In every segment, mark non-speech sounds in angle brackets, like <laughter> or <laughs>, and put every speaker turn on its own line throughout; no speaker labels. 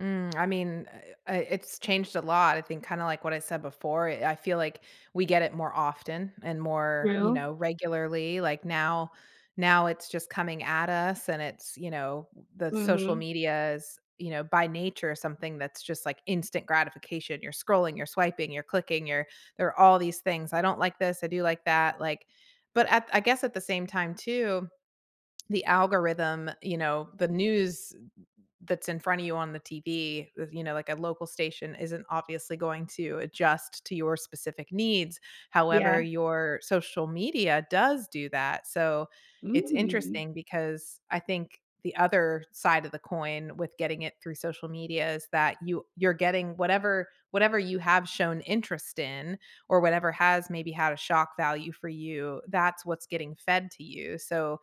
Mm, I mean, uh, uh, it's changed a lot, I think kinda like what I said before, eh, I feel like we get it more often and more, you
Real.
know, regularly. Like now, now it's just coming at us and it's, you know, the social
Mhm.
media is, you know, by nature, something that's just like instant gratification. You're scrolling, you're swiping, you're clicking, you're you're all these things. "I don't like this." "I do like that." Like but I I guess at the same time too, the algorithm, you know, the news that's in front of you on the TV, y you know like a local station isn't obviously going to adjust to your specific needs. However,
Yeah.
your social media does do that. So, it's
Mm.
interesting because I think the other side of the coin with getting it through social media is that you you're getting whatever whatever you have shown interest in or whatever has maybe had a shock value for you. That's what's getting fed to you. So,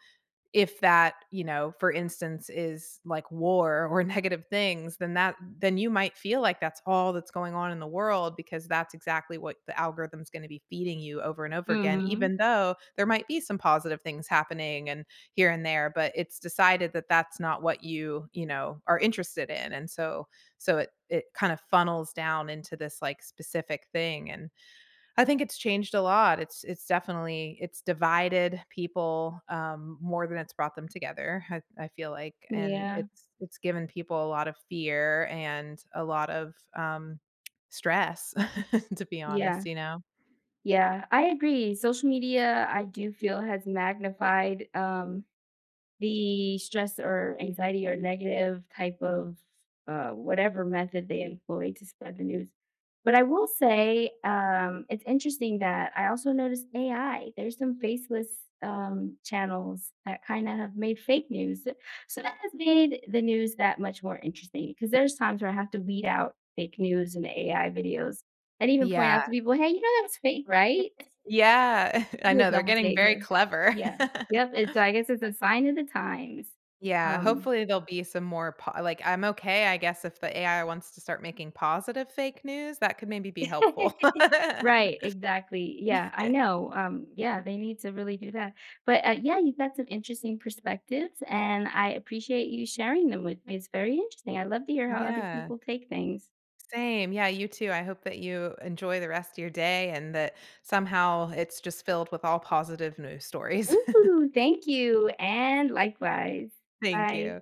if that, you know, for instance, is, like, war or negative things, then that then you might feel like that's all that's going on in the world because that's exactly what the algorithm's gonna be feeding you over and over again.
Mhm.
Even though there might be some positive things happening and here and there, but it's decided that, that's not what you, you know, are interested in, and so so it it kind of funnels down into this, like, specific thing, and I think it's changed a lot, it's it's definitely it's divided people, um, more than it's brought them together, I I feel like, and
Yeah.
it's it's given people a lot of fear and a lot of, um, stress, <chuckles> to be honest,
Yeah.
you know?
Yeah. I agree, social media, I do feel has magnified, um, the stress or anxiety or negative type of, uh, whatever method they employ to spread the news. But I will say, um, it's interesting that I also noticed AI. There's some faceless, um, channels that kinda have made fake news. So that has made the news that much more interesting 'cause there's times where I have to weed out fake news and AI videos and even point out
Yeah.
to people, "Hey, you know that was fake, right?" <chuckles>
Yeah. <chuckles> I
Do a
know. They're
double
getting very
taker.
clever.
Yeah. Yep. It's
<laughs>
like it's it's a sign of the times.
Yeah,
Um
hopefully, there'll be some more po like, I'm okay, I guess if the AI wants to start making positive fake news, that could maybe be helpful.
<laughs> Right, exactly, yeah, I know,
<laughs>
um, yeah, they need to really do that. But, uh, yeah, you've got some interesting perspectives, and I appreciate you sharing them with me. It's very interesting, I love to hear how other
Yeah.
people take things.
Same, yeah, you too, I hope that you enjoy the rest of your day and that somehow it's just filled with all positive news stories. <chuckles>
Ooh, thank you, and likewise.
Thank
Bye.
you.